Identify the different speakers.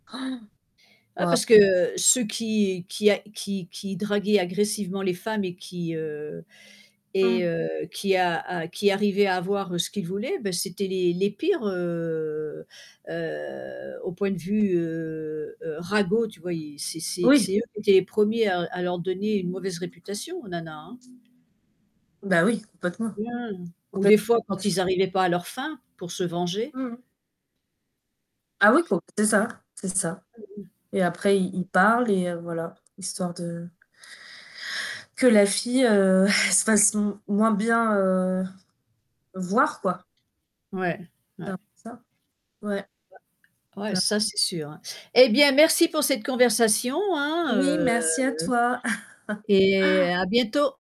Speaker 1: Oh!
Speaker 2: Ah
Speaker 1: Waouh!
Speaker 2: parce que ceux qui qui a qui qui draguaient agressivement les femmes et qui heu et
Speaker 1: Mmh.
Speaker 2: heu qui a a qui arrivaient à avoir ce qu'ils voulaient, ben c'était les les pires, heu heu, au point de vue, heu heu, ragots tu vois? C'est c'est
Speaker 1: Oui.
Speaker 2: c'est eux qui étaient les premiers à à leur donner une mauvaise réputation, aux nanas, hein.
Speaker 1: Bah oui, complètement.
Speaker 2: Mmh ou
Speaker 1: Complèt
Speaker 2: des fois quand
Speaker 1: [unintelligible]
Speaker 2: ils arrivaient pas à leurs fins pour se venger.
Speaker 1: Mmh mh. Ah oui
Speaker 2: Je sais
Speaker 1: com
Speaker 2: p
Speaker 1: c'est ça, c'est ça.
Speaker 2: [unintelligible]
Speaker 1: Et après il il parle et voilà, histoire de que la fille, heu, se fasse moins moins bien, heu, voir quoi.
Speaker 2: Ouais,
Speaker 1: C'est
Speaker 2: ouais.
Speaker 1: un peu ça. Ouais.
Speaker 2: Bah, ouais
Speaker 1: [unintelligible]
Speaker 2: ça c'est sûr. Eh bien merci pour cette conversation hein,
Speaker 1: Oui
Speaker 2: heu
Speaker 1: merci à toi.
Speaker 2: et à bientôt.